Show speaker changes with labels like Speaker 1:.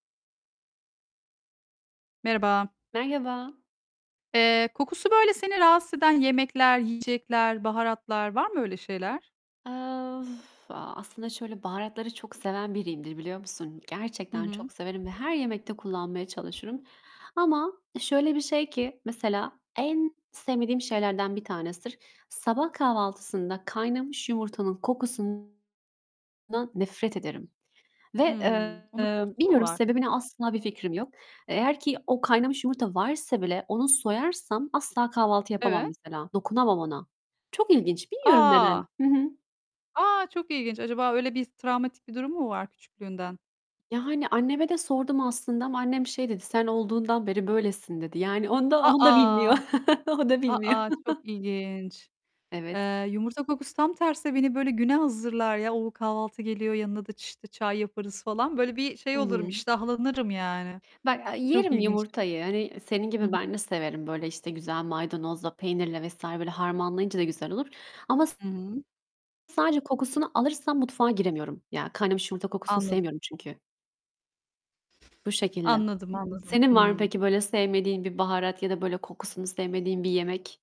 Speaker 1: Merhaba.
Speaker 2: Merhaba.
Speaker 1: Eee, kokusu böyle seni rahatsız eden yemekler, yiyecekler, baharatlar var mı öyle şeyler?
Speaker 2: Eee, a aslında şöyle baharatları çok seven biriyimdir biliyor musun?
Speaker 1: Hı
Speaker 2: Gerçekten
Speaker 1: hı.
Speaker 2: çok severim ve her yemekte kullanmaya çalışırım ama şöyle bir şey ki mesela, en sevmediğim şeylerden bir tanesidir. Sabah kahvaltısında kaynamış yumurtanın kokusundan nefret ederim ve,
Speaker 1: Hımm. Onun
Speaker 2: eee,
Speaker 1: kokusu mu
Speaker 2: bilmiyorum
Speaker 1: var?
Speaker 2: sebebini asla bir fikrim yok. Eğer ki o kaynamış yumurta varsa bile onu soyarsam asla kahvaltı yapamam
Speaker 1: Evet.
Speaker 2: mesela. Dokunamam ona. Çok ilginç. Bilmiyorum
Speaker 1: A!
Speaker 2: neden. Hı hı.
Speaker 1: A, çok ilginç! Acaba öyle bir s travmatik bir durum mu var küçüklüğünden?
Speaker 2: Yani, anneme de sordum aslında ama annem şey dedi, "Sen olduğundan beri böylesin" dedi. Yani, onda,
Speaker 1: A,
Speaker 2: onu da bilmiyor.
Speaker 1: a!
Speaker 2: O da
Speaker 1: A,
Speaker 2: bilmiyor.
Speaker 1: a! Çok ilginç.
Speaker 2: Evet.
Speaker 1: Eee, yumurta kokusu tam tersi beni böyle güne hazırlar ya, o kahvaltı geliyor, yanına da ç işte çay yaparız falan. Böyle bir şey
Speaker 2: Hı
Speaker 1: olurum,
Speaker 2: hı.
Speaker 1: iştahlanırım, yani.
Speaker 2: Bak a
Speaker 1: Çok
Speaker 2: yerim
Speaker 1: ilginç.
Speaker 2: yumurtayı. Hani, senin
Speaker 1: Hı
Speaker 2: gibi ben
Speaker 1: hı.
Speaker 2: de severim. Böyle işte güzel maydanozla, peynirle vs. böyle harmanlayınca da güzel olur ama s
Speaker 1: Hı hı.
Speaker 2: sadece kokusunu alırsam mutfağa giremiyorum. Ya kaynamış yumurta kokusunu
Speaker 1: Anladım.
Speaker 2: sevmiyorum çünkü. Bu şekilde.
Speaker 1: Anladım, anladım.
Speaker 2: Senin var mı
Speaker 1: Hımm.
Speaker 2: peki böyle sevmediğin bir baharat ya da böyle kokusunu sevmediğin bir yemek?